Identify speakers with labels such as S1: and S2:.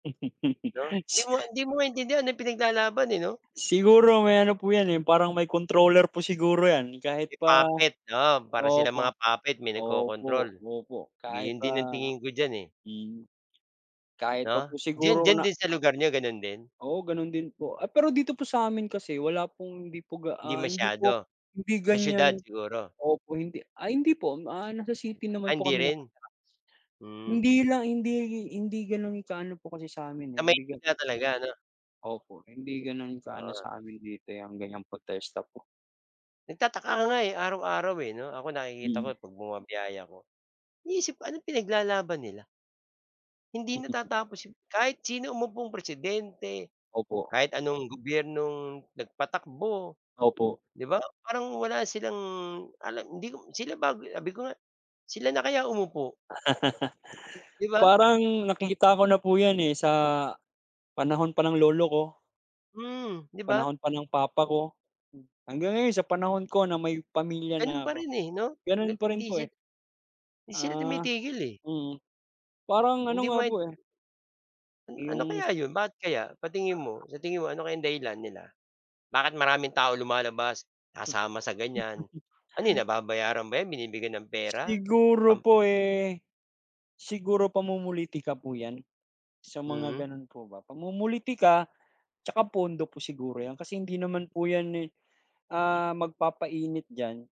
S1: 'No? Hindi
S2: Si
S1: mo hindi mo maintindihan ano pinaglalaban, eh, 'no?
S2: Siguro may ano po yan, eh, yung parang may controller po siguro yan, kahit pa
S1: Puppet, oo, para silang
S2: opo.
S1: mga puppet may nagkokrontrol.
S2: Opo, opo, kahit
S1: Ganyan
S2: pa
S1: din ang tingin ko diyan, eh.
S2: mm. Kahit pa
S1: 'No?
S2: po
S1: Diyan
S2: siguro
S1: diyan
S2: na
S1: din sa lugar n'yo gano'n din?
S2: Oo, gano'n din po. Ay pero dito po sa'min kasi wala pong hindi po ga
S1: Hindi
S2: ah, hindi po
S1: masyado?
S2: hindi
S1: Sa siyudad
S2: ganyan
S1: siguro.
S2: opo, hindi ah, hindi po. Ah, nasa city naman
S1: Ah,
S2: po
S1: hindi
S2: kami
S1: rin.
S2: nakatira.
S1: Hmm.
S2: Hindi lang hindi hindi gano'n ka ano po kasi sa'min,
S1: Sa
S2: eh, hindi ga
S1: Maynila talaga 'no?
S2: Opo. Hindi gano'n ka ano
S1: Ah.
S2: sa amin dito yang ganyang protesta po.
S1: Nagtataka nga, eh, araw-araw, eh, 'no? Ako nakikita ko
S2: Mm.
S1: 'pag bumabiyahe ako. Iniisip ko anong pinaglalaban nila? Hindi natatapos yun. Kahit sino umupong Presidente,
S2: Opo.
S1: kahit anong gobyernong nagpatakbo,
S2: Opo.
S1: 'di ba? Parang wala silang alam, hindi ko sila bago sabi ko nga, sila na kaya umupo. Di ba?
S2: Parang, nakikita ko na po yan, eh, sa, panahon pa ng lolo ko.
S1: Mm, di ba?
S2: Panahon pa ng papa ko. Hanggang ngayon, sa panahon ko na may pamilya
S1: Ganun
S2: na
S1: pa
S2: ako.
S1: rin, eh, 'no? Ga
S2: Gano'n pa rin
S1: hindi
S2: po,
S1: si
S2: eh.
S1: 'di sila
S2: Ah.
S1: tumitigil, eh.
S2: Mm. Parang ano
S1: Hindi mo
S2: nga
S1: main
S2: po, eh
S1: An ano
S2: Yung
S1: kaya 'yon? Bakit kaya? Sa tingin mo? Sa tingin mo ano kayang dahilan nila? Bakit maraming tao lumalabas,
S2: Hmm.
S1: sasama sa ganyan? Ano yun, nababayaran ba 'yan? Binibigyan ng pera?
S2: Siguro
S1: Um
S2: po, eh, siguro pamumulitika po yan. Sa mga
S1: Mm.
S2: gano'n po ba. Pamumulitika tsaka pondo po siguro yan. Kasi hindi naman po yan, eh ah, magpapainit diyan.